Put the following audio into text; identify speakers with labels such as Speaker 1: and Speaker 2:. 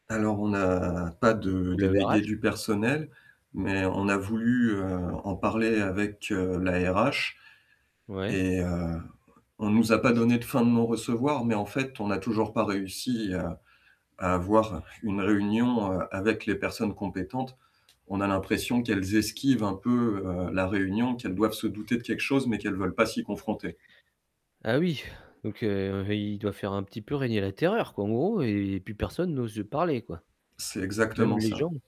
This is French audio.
Speaker 1: Alors, on n'a pas de
Speaker 2: Ou le RH?
Speaker 1: délégué du
Speaker 2: [unintelligible]
Speaker 1: personnel, mais on a voulu, heu, en parler avec, heu, la RH
Speaker 2: Ouais.
Speaker 1: et heu, on nous a pas
Speaker 2: C'était
Speaker 1: donné de fin de non recevoir, mais en fait, on n'a toujours pas réussi à à avoir une réunion, heu, avec les personnes compétentes. On a l'impression qu'elles esquivent un peu, heu, la réunion, qu'elles doivent se douter de quelque chose, mais qu'elles veulent pas s'y confronter.
Speaker 2: Ah oui, donc heu, il doit faire un petit peu régner la terreur, quoi, en gros, et plus personne n'ose parler, quoi.
Speaker 1: C'est
Speaker 2: Même
Speaker 1: exactement
Speaker 2: les gens.
Speaker 1: ça.